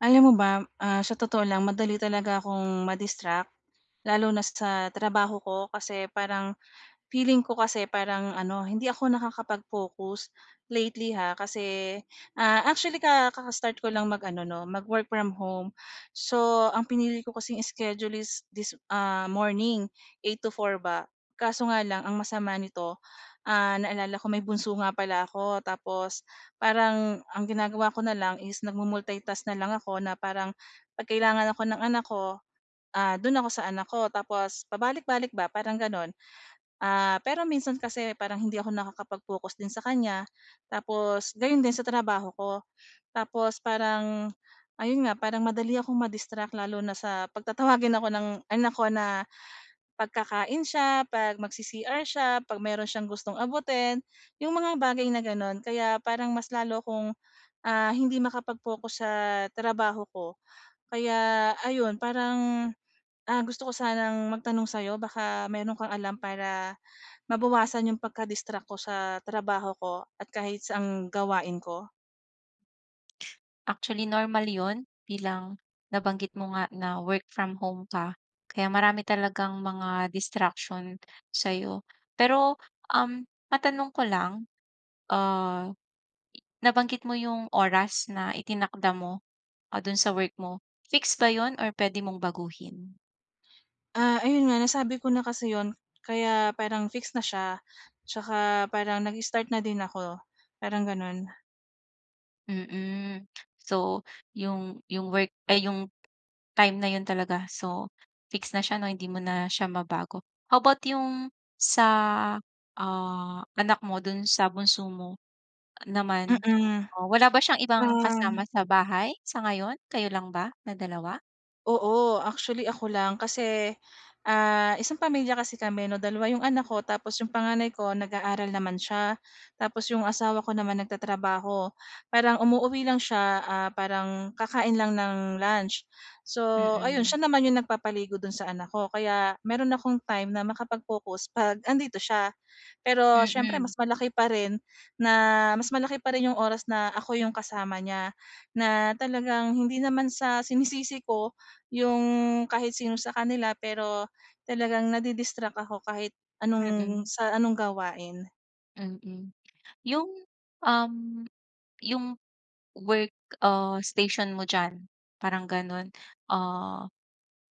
Alam mo ba, ah, sa totoo lang, madali talaga akong ma-distract lalo na sa trabaho ko. Kasi parang, feeling ko kasi, parang ano, hindi ako nakakapag-focus lately ha, kasi actually, ah, ka kaka-start ko lang mag-ano ‘no, mag work from home. So ang pinili ko kasing iskedyul is this, ah, morning 8:00 to 4:00 ba. Kaso nga lang ang masama nito, ah, naalala ko may bunso nga pala ako. Tapos parang ang ginagawa ko na lang is nagmu-multitask na lang ako na parang ‘pag kailangan ako ng anak ko, ah, do’n ako sa anak ko, tapos pabalik-balik ba, parang gano’n. Ah, pero minsan kasi parang hindi ako nakakapag-focus din sa kanya, tapos gayon din sa trabaho ko. Tapos parang ayun nga, parang madali akong ma-distract lalo na sa ‘pag tatawagin ako ng anak ko na, ‘pag kakain siya, ‘pag mag-C-CR siya, ‘pag meron siyang gustong abutin, ‘yong mga bagay na gano’n. Kaya parang mas lalo akong, ah, hindi makapag-focus sa trabaho ko. Kaya ayun, parang, ah, gusto ko sanang magtanong sa ‘yo, baka meron kang alam para mabawasan yung pagka-distract ko sa trabaho ko, at kahit saang gawain ko? Actually, normal 'yon bilang nabanggit mo nga na work from home ka, kaya marami talagang mga distraction sa'yo. Pero, um, matanong ko lang, ah, nabanggit mo yung oras na itinakda mo, ah, dun sa work mo, fix ba yun or puwede mong baguhin? Ah, ayun nga, nasabi ko na kasi 'yon, kaya parang fix na siya. Tsaka parang nag-start na din ako, parang ganun. Mm. So yung yung work ay yung time na 'yon talaga, so fix na siya 'no, hindi mo na siya mabago. How about yung sa, ah, anak mo? Dun sa bunso mo naman Mm, o wala ba siyang ibang kasama um sa bahay sa ngayon? Kayo lang ba na dalawa? Oo. Actually, ako lang kasi, ah, isang pamilya kasi kami 'no, dalawa yung anak ko tapos yung panganay ko, nag-aaral naman siya. Tapos yung asawa ko naman, nagtatrabaho. Parang umuuwi lang siya, ah, parang kakain lang ng lunch. So ayun, Mm. siya naman yung nagpapaligo do'n sa anak ko, kaya meron akong time na makapag-focus 'pag andito siya. Pero siyempre, Mm. mas malaki pa rin na mas malaki pa rin yung oras na ako yung kasama niya, na talagang hindi naman sa sinisisi ko yung, kahit sino sa kanila, pero talagang nadi-distract ako kahit anong Mm. sa anong gawain. Mm, yung, um, yung work, ah, station mo diyan parang ganun, ah,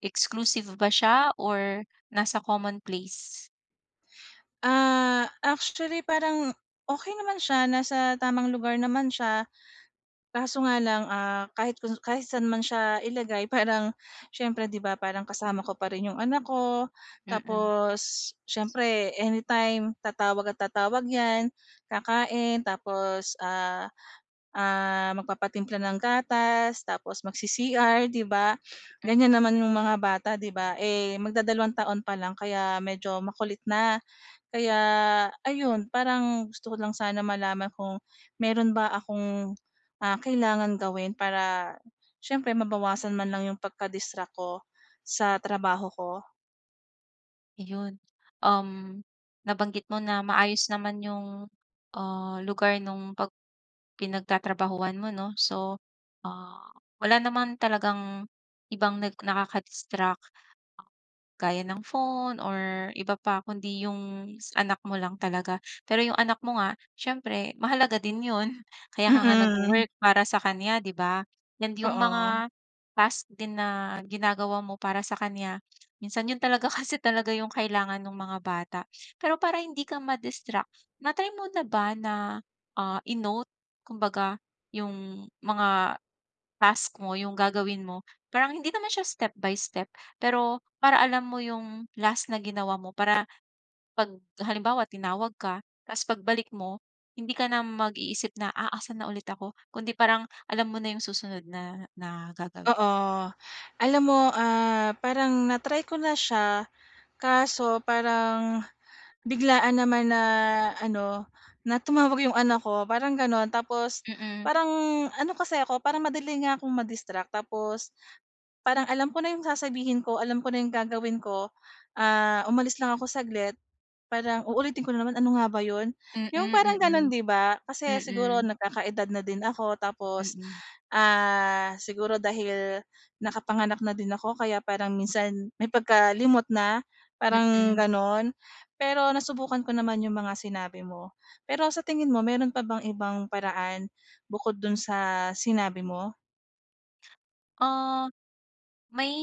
exclusive ba siya or nasa common place? Ah, actually parang okey naman siya nasa tamang lugar naman siya, kaso nga lang, ah, kahit kung kahit saan man siya ilagay parang siyempre 'di ba, parang kasama ko pa rin yung anak ko, Mm. tapos siyempre anytime tatawag at tatawag 'yan, kakain tapos, ah, ah, magpapatimpla ng gatas, tapos mag-C-CR 'di ba, Hmm. ganyan naman yung mga bata, 'di ba? Eh, magdadalawang taon pa lang kaya medyo makulit na. Kaya ayun parang gusto ko lang sana malaman kung meron ba akong, ah, kailangan gawin? Para siyempre mabawasan man lang yung pagka-distract ko sa trabaho ko. Iyon, um, nabanggit mo na maayos naman yung, ah, lugar nung pag pinagtatrabahuhan mo, 'no? So, ah, wala naman talagang ibang nag nakakadistract, gaya ng phone or iba pa kundi yung anak mo lang talaga. Pero yung anak mo nga siyempre mahalaga din yun. Kaya ka nga nag-wo-work Mm. para sa kanya 'di ba, and yung Oo. mga task din na ginagawa mo para sa kanya. Minsan yun talaga kasi talaga yung kailangan nung mga bata. Pero para hindi ka ma-distract na-try mo na ba na, ah, i-note kumbaga yung mga task mo, yung gagawin mo? Parang hindi naman siya step by step, pero para alam mo yung last na ginawa mo para pag halimbawa tinawag ka tapos pagbalik mo, hindi ka na mag-iisip na, "Ah, asan na ulit ako?" Kundi parang alam mo na yung susunod na na gagawin. Oo, alam mo, ah, parang na-try ko na siya kaso parang biglaan naman na ano, na tumawag 'yong anak ko parang gano'n. Tapos Mm. parang ano kasi ako parang madali niya kong ma-distract, tapos parang alam ko na 'yong sasabihin ko, alam ko na 'yong gagawin ko, ah, umalis lang ako saglit, parang uulitin ko na naman, "Ano nga ba 'yon?" Mm, 'Yong parang gano'n, mm. 'di ba? Kasi siguro Mm. nagkakaedad na din ako, tapos, Mm. ah, siguro dahil nakapanganak na din ako kaya parang minsan may pagkalimot na parang Mm. gano'n. Pero nasubukan ko naman 'yong mga sinabi mo. Pero sa tingin mo mayro'n pa bang ibang paraan, bukod do'n sa sinabi mo? Ah, may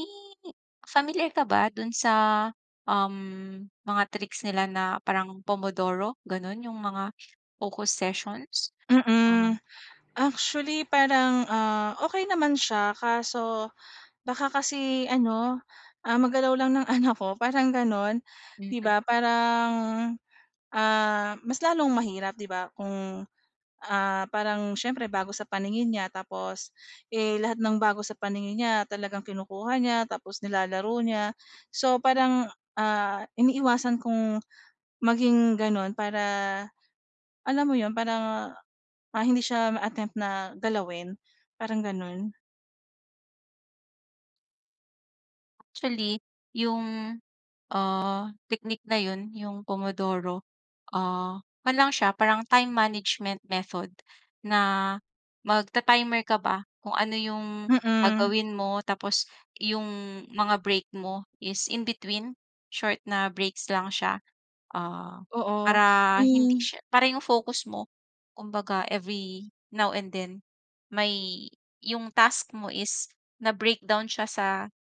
familiar ka ba doon sa, um, mga tricks, nila na parang pomodoro, gano'n, yung mga focus sessions? Ah. Mm. Actually, parang, ah, okey naman siya kaso baka kasi ano, ah, magalaw lang ng anak ko, parang gano'n, 'di Mm. ba? Parang, ah, mas lalong mahirap, 'di ba? Kung, ah, parang siyempre, bago sa paningin niya tapos, eh, lahat ng bago sa paningin niya talagang kinukuha niya, tapos nilalaro niya. So, parang, ah, iniiwasan kong maging gano'n para, alam mo 'yon, para, ah, hindi siya ma-attempt na galawin, parang gano'n. Actually, yung, ah, technique na 'yon, yung pomodoro, ah, kuwan lang siya, parang time management method na magta-timer ka ba, kung ano yung Mm. gagawin mo tapos yung mga break mo is in-between, short na breaks lang siya. Ah, Oo. para hindi Hmm. siya para yung focus mo, kumbaga, every now and then, may yung task mo is na-breakdown siya sa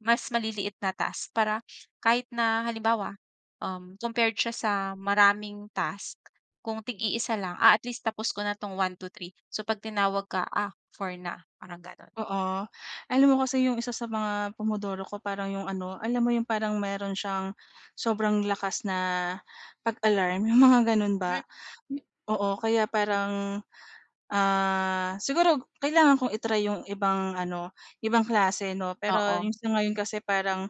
mas maliliit na task para kahit na, halimbawa, um, compared siya sa maraming task kung tig-iisa lang, ah, at least tapos ko na 'tong 1, 2, 3. So, 'pag tinawag ka, ah, 4 na, parang gano'n. Oo. Alam mo kasi yung isa sa mga pomodoro ko parang yung ano, alam mo yung parang meron siyang sobrang lakas na pag-alarm, yung mga gano'n Mm. ba? Oo, kaya parang, ah, siguro kailangan kong i-try yung ibang ano, ibang klase, 'no? Pero Oo. yung sa ngayon kasi parang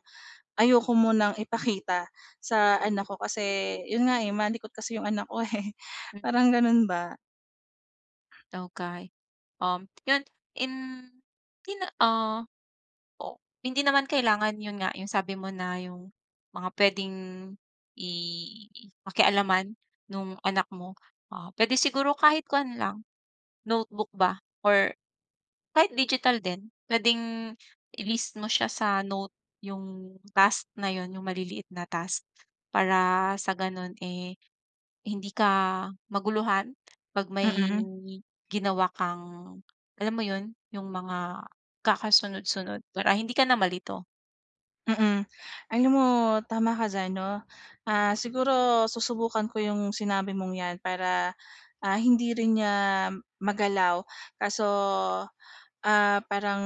ayoko munang ipakita sa Mm. anak ko kasi, 'yon nga eh, malikot kasi 'yong anak ko, eh. Mm. Parang gano'n ba? Okey. Uhm, yun in di na, ah o hindi naman kailangan yun nga yung sabi mo na yung mga pwedeng i pakialaman nung anak mo o pwede siguro kahit kuwan lang notebook ba or kahit digital din pwedeng i-list mo siya sa note 'yong task na 'yon 'yong maliliit na task. Para sa gano'n, eh, hindi ka maguluhan 'pag may Mm. ginawa kang alam mo 'yon 'yong mga kakasunod-sunod para hindi ka na malito. Mm, alam mo tama ka diyan, 'no? Ah, siguro susubukan ko 'yong sinabi mong 'yan para, ah, hindi rin niya magalaw, kaso, ah, parang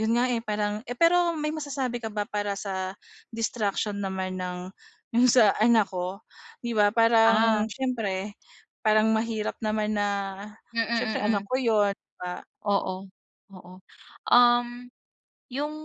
'yon nga, eh parang eh, pero may masasabi ka ba para sa distraction naman ng 'yong sa anak ko? 'Di ba, Ah. parang siyempre parang mahirap naman na Mm, siyempre anak mm. ko 'yon, ba? Oo, oo. Uhm, 'yong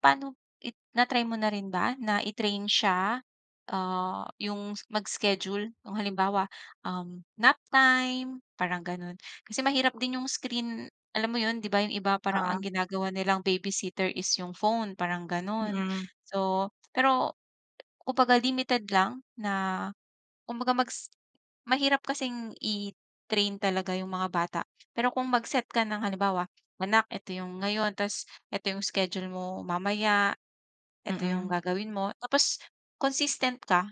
pano it na-try mo na rin ba na i-train siya, ah, 'yong s mag-schedule nung, halimbawa, um, nap time parang gano'n? Kasi mahirap din 'yong screen alam mo 'yon? 'Di ba, 'yong iba parang ang Oo. ginagawa nilang babysitter is 'yong phone parang gano'n. Mm. So pero kumbaga limited lang na kumbaga mag-s mahirap kasing i-train talaga 'yong mga bata pero kung mag-set ka ng halimbawa, "anak, ito 'yong ngayon. Tas ito 'yong schedule mo mamaya. Ito 'yong Mm. gagawin mo tapos consistent ka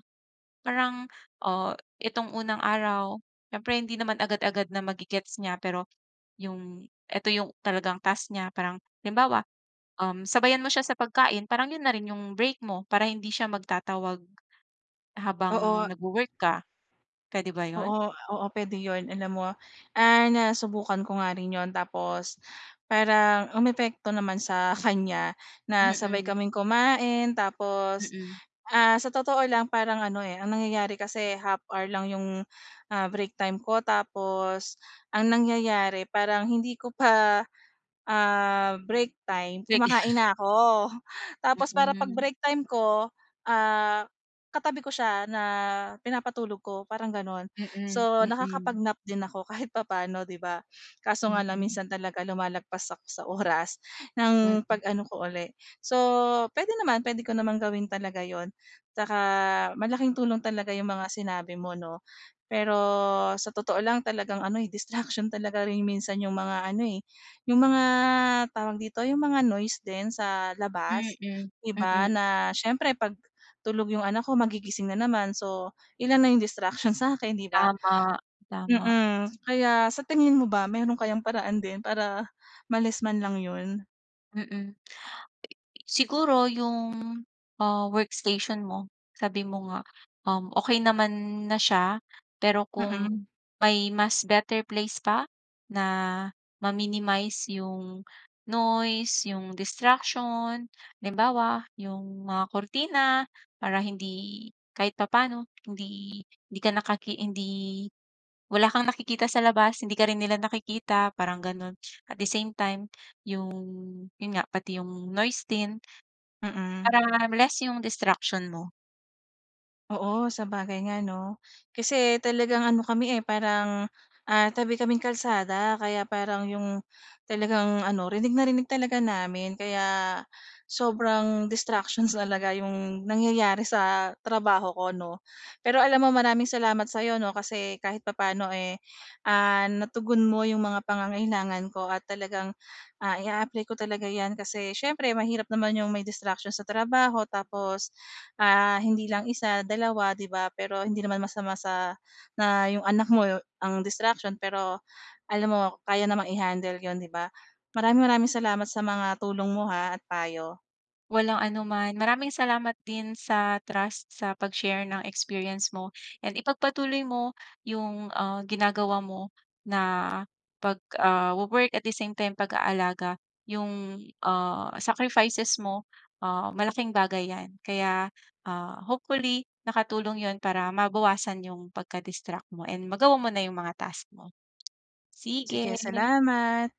parang, oh, itong unang araw", siyempre hindi naman agad-agad na mage-gets niya pero 'yong eto 'yong talagang task niya parang halimbawa, um, sabayan mo siya sa pagkain parang 'yon na rin 'yong break mo para hindi siya magtatawag habang Oo. nagwo-work ka. Puwede ba 'yon? Oo, oo puwede 'yon. Alam mo, ah, nasubukan ko nga rin 'yon tapos parang umepekto naman sa kanya na sabay Mm. kaming kumain tapos, Mm. ah, sa totoo lang parang ano, eh, ang nangyayari kasi half hour lang 'yong, ah, break time ko tapos ang nangyayari parang hindi ko pa, ah, break time kumakain [unintelligible] na 'ko. Tapos para 'pag Mm. break time ko, ah, katabi ko siya na pinapatulog ko parang gano'n. Mm. So, Mm. nakakapag-nap din ako kahit papano, 'di ba? Kaso nga lang Mm. minsan talaga lumalagpas ako sa oras ng Mm. pag-ano ko uli. So, puwede naman, puwede ko naman gawin talaga 'yon. Tsaka malaking tulong talaga 'yong mga sinabi mo, 'no? Pero sa totoo lang talagang ano, eh, distraction talaga rin minsan yung mga ano, eh, yung mga tawag dito yung mga noise din sa labas, Mm. 'di ba, Mm. na siyempre 'pag tulog 'yong anak ko magigising na naman. So, ilan na yung distraction sa 'kin, 'di ba? Tama. Tama. Mm, kaya sa tingin mo ba meron kayang paraan din para ma-less man lang 'yon? Mm. Eh eh, siguro ‘yong, ah, workstation mo, sabi mo nga, um, okey naman na siya. Pero kung Mm. may mas better place pa na ma-minimize ‘yong noise, ‘yong distraction, halimbawa ‘yong mga kurtina para hindi kahit papaano, hindi hindi ka nakaki hindi wala kang nakikita sa labas, hindi ka rin nila nakikita, parang ganun. At the same time, yung yun nga, pati yung noise din. Mm. Para less ‘yong distraction mo. Oo, sabagay nga, ‘no? Kasi talagang ano, kami, eh, parang, ah, tabi kaming kalsada, kaya parang ‘yong talagang ano, rinig na rinig talaga namin, kaya sobrang distractions talaga ‘yong nangyayari sa trabaho ko, ‘no? Pero alam mo, maraming salamat sa ‘yo, ‘no, kasi kahit papaano, eh, ah, natugon mo ‘yong mga pangangailangan ko at talagang, ah, i-a-apply ko talaga ‘yan kasi siyempre mahirap naman ‘yong may distraction sa trabaho, tapos, ah, hindi lang isa, dalawa, ‘di ba? Pero hindi naman masama sa na ‘yong anak mo ang distraction pero alam mo, kaya namang i-handle ‘yon, ‘di ba? Maraming-maraming salamat sa mga tulong mo ha at payo. Walang anuman. Maraming salamat din sa trust sa pag-share ng experience mo, and ipagpatuloy mo yung, ah, ginagawa mo na pag, ah, wo-work, at the same time, pag-aalaga. ‘Yong, ah, sacrifices mo, ah, malaking bagay ‘yan. Kaya, ah, hopefully, nakatulong ‘yon para mabawasan ‘yong pagka-distract mo, and magawa mo na ‘yong mga task mo. Sige, Sige. salamat.